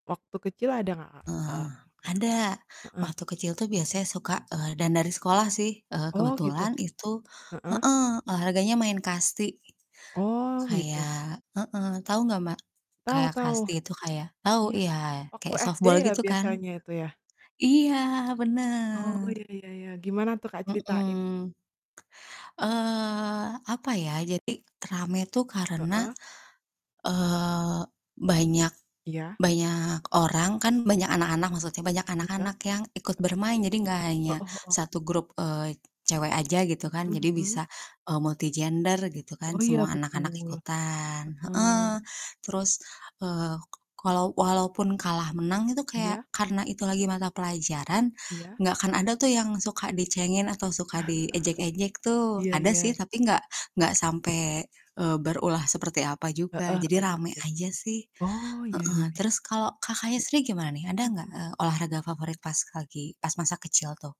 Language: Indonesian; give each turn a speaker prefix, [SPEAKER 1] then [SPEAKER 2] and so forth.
[SPEAKER 1] Waktu kecil ada nggak Kak?
[SPEAKER 2] Heeh heeh,
[SPEAKER 1] Eee, Kak.
[SPEAKER 2] ada
[SPEAKER 1] Heeh.
[SPEAKER 2] waktu kecil tuh biasanya suka eee, dan dari sekolah sih, eee,
[SPEAKER 1] Oh gitu.
[SPEAKER 2] kebetulan itu
[SPEAKER 1] Heeh.
[SPEAKER 2] heeh, olahraganya main kasti.
[SPEAKER 1] Oh, gitu.
[SPEAKER 2] Kayak heeh, tahu nggak Mbak?
[SPEAKER 1] Tau
[SPEAKER 2] Kayak
[SPEAKER 1] tau.
[SPEAKER 2] kasti itu kayak tahu
[SPEAKER 1] Iya,
[SPEAKER 2] iya,
[SPEAKER 1] waktu
[SPEAKER 2] kayak
[SPEAKER 1] SD
[SPEAKER 2] softball
[SPEAKER 1] ya
[SPEAKER 2] gitu kan.
[SPEAKER 1] biasanya itu ya?
[SPEAKER 2] Iya
[SPEAKER 1] Oh,
[SPEAKER 2] bener.
[SPEAKER 1] iya iya iya. Gimana tuh Kak, ceritain?
[SPEAKER 2] Mhm. Eee, apa ya, jadi rame tuh karena,
[SPEAKER 1] Heeh.
[SPEAKER 2] eee, banyak
[SPEAKER 1] Iya.
[SPEAKER 2] banyak orang kan banyak anak-anak maksudnya, banyak
[SPEAKER 1] Iya.
[SPEAKER 2] anak-anak yang ikut
[SPEAKER 1] E
[SPEAKER 2] bermain jadi enggak hanya
[SPEAKER 1] Heeh heeh.
[SPEAKER 2] satu grup, eee, cewek aja gitu kan
[SPEAKER 1] Mhm
[SPEAKER 2] jadi
[SPEAKER 1] mhm.
[SPEAKER 2] bisa, eee, multi gender gitu kan
[SPEAKER 1] Oh iya
[SPEAKER 2] semua anak-anak
[SPEAKER 1] betul,
[SPEAKER 2] ikutan, heeh,
[SPEAKER 1] heeh.
[SPEAKER 2] terus, eee, ka kalau walaupun kalah menang itu kayak
[SPEAKER 1] Iya.
[SPEAKER 2] karena itu lagi mata pelajaran,
[SPEAKER 1] Iya.
[SPEAKER 2] enggak akan ada tuh yang suka dicengin, atau suka diejek-ejek tuh,
[SPEAKER 1] Iya
[SPEAKER 2] ada sih
[SPEAKER 1] iya.
[SPEAKER 2] tapi nggak nggak sampai, eee, berulah seperti apa
[SPEAKER 1] Heeh
[SPEAKER 2] juga
[SPEAKER 1] heeh
[SPEAKER 2] jadi rame
[SPEAKER 1] betul.
[SPEAKER 2] aja sih,
[SPEAKER 1] Oh iya
[SPEAKER 2] heeh.
[SPEAKER 1] iya iya.
[SPEAKER 2] Terus kalau Kakaknya sendiri gimana nih? Ada nggak,
[SPEAKER 1] Mhm.
[SPEAKER 2] eee, olahraga favorit pas lagi pas masa kecil tuh?